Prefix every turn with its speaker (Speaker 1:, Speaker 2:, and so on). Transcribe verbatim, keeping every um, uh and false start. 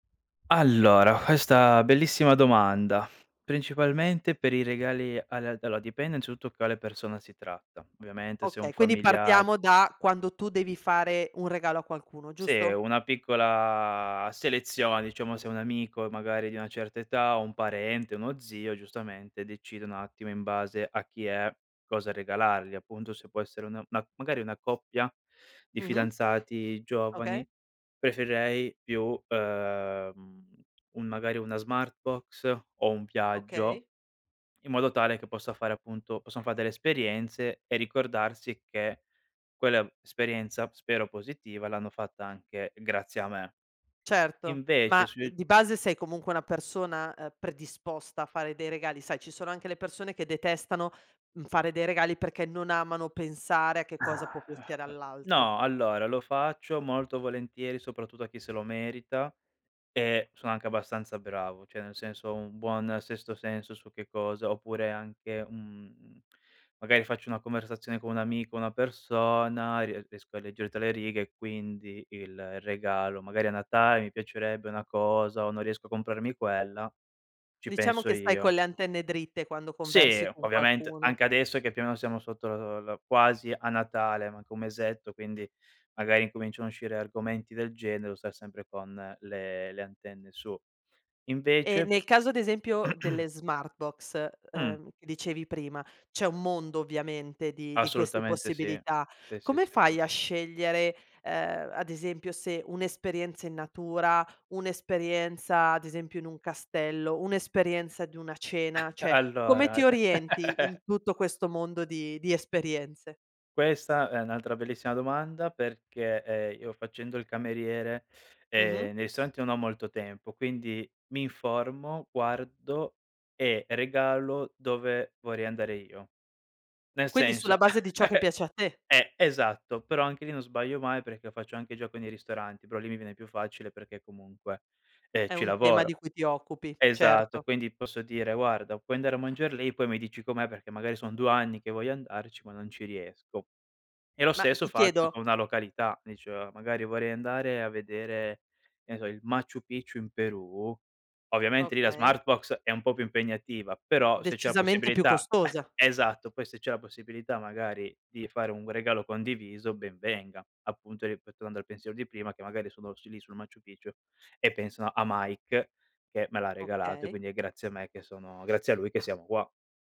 Speaker 1: Allora, questa bellissima domanda. Principalmente per i regali, alle allo dipende innanzitutto quale persona si tratta. Ovviamente se è un
Speaker 2: Okay, quindi
Speaker 1: familiar
Speaker 2: partiamo da quando tu devi fare un regalo a qualcuno,
Speaker 1: Sì è
Speaker 2: giusto?
Speaker 1: una piccola selezione, diciamo, se è un amico e magari di una certa età, o un parente, uno zio giustamente decide un attimo in base a chi è, cosa regalargli appunto, se può essere una ma magari una coppia di
Speaker 2: Mh-mh.
Speaker 1: fidanzati
Speaker 2: Okay.
Speaker 1: giovani, preferirei più, ehm, uhm, un magari una Smartbox o un viaggio
Speaker 2: Okay.
Speaker 1: in modo tale che possa fare appunto possono fa delle esperienze e ricordarsi che quell'esperienza, spero positiva, l'hanno fatta anche grazie a me.
Speaker 2: Certo,
Speaker 1: Invece
Speaker 2: ma, ehm,
Speaker 1: sui
Speaker 2: di base sei comunque una persona, ehm, predisposta a fare dei regali sai, ci sono anche le persone che detestano, uhm, fare dei regali perché non amano pensare a che cosa può piacere all'altro.
Speaker 1: No, allora, lo faccio molto volentieri soprattutto a chi se lo merita e sono anche abbastanza bravo, cioè nel senso ho un buon sesto senso su che cosa oppure anche, uhm, magari faccio una conversazione con un amico, una persona, e rie riesco a leggere tra le righe e quindi il regalo magari a Natale mi piacerebbe una cosa o non riesco a comprarmi quella, ci
Speaker 2: Diciamo
Speaker 1: penso
Speaker 2: che stai con
Speaker 1: io.
Speaker 2: le antenne dritte quando
Speaker 1: Sì,
Speaker 2: conversi
Speaker 1: o
Speaker 2: con
Speaker 1: ovviamente
Speaker 2: qualcuno.
Speaker 1: anche adesso che più o meno siamo sotto lo lo quasi a Natale, manca un mesetto, quindi magari incominciano a uscire argomenti del genere, devo stare sempre con le le antenne su.
Speaker 2: E
Speaker 1: Invece.
Speaker 2: nel caso ad esempio delle Smartbox,
Speaker 1: Mh.
Speaker 2: ehm, che dicevi prima, c'è un mondo ovviamente di di queste
Speaker 1: Assolutamente sì.
Speaker 2: possibilità.
Speaker 1: Sì, sì,
Speaker 2: Come
Speaker 1: sì, sì.
Speaker 2: fai a scegliere, ehm, ad esempio se un'esperienza in natura, un'esperienza ad esempio in un castello, un'esperienza di una cena.
Speaker 1: A
Speaker 2: Cioè come ti
Speaker 1: allora.
Speaker 2: orienti in tutto questo mondo di di esperienze?
Speaker 1: Questa è un'altra bellissima domanda perché, ehm, io facendo il cameriere,
Speaker 2: Mh-mh.
Speaker 1: ehm, nei ristoranti non ho molto tempo, quindi mi informo, guardo e regalo dove vorrei andare io. Nel
Speaker 2: Quindi sulla
Speaker 1: senso
Speaker 2: base di ciò che piace a te.
Speaker 1: eh esatto, però anche lì non sbaglio mai perché faccio anche gioco nei ristoranti, però lì mi viene più facile perché comunque, ehm,
Speaker 2: È
Speaker 1: ci
Speaker 2: un tema di
Speaker 1: lavoro
Speaker 2: cui ti occupi,
Speaker 1: esatto,
Speaker 2: certo.
Speaker 1: quindi posso dire: "Guarda puoi andare a mangiar lì e poi mi dici com'è perché magari son due anni che voglio andarci, ma non ci riesco." E lo
Speaker 2: Ma
Speaker 1: stesso
Speaker 2: ti
Speaker 1: faccio
Speaker 2: chiedo.
Speaker 1: con una località, dice "magari vorrei andare a vedere che ne so il Machu Picchu in Perù," ovviamente lì la
Speaker 2: Okay.
Speaker 1: Smartbox è un po' più impegnativa, però se c'è la
Speaker 2: Decisamente più
Speaker 1: possibilità
Speaker 2: costosa.
Speaker 1: esatto, poi se c'è la possibilità magari di fare un regalo condiviso ben venga, appunto ripe tornando al pensiero di prima che magari sono sul lì sul Maciu Picchu e pensano a Mike che me l'ha regalato e
Speaker 2: Okay.
Speaker 1: quindi è grazie a me che sono grazie a lui che
Speaker 2: Ma
Speaker 1: siamo qua.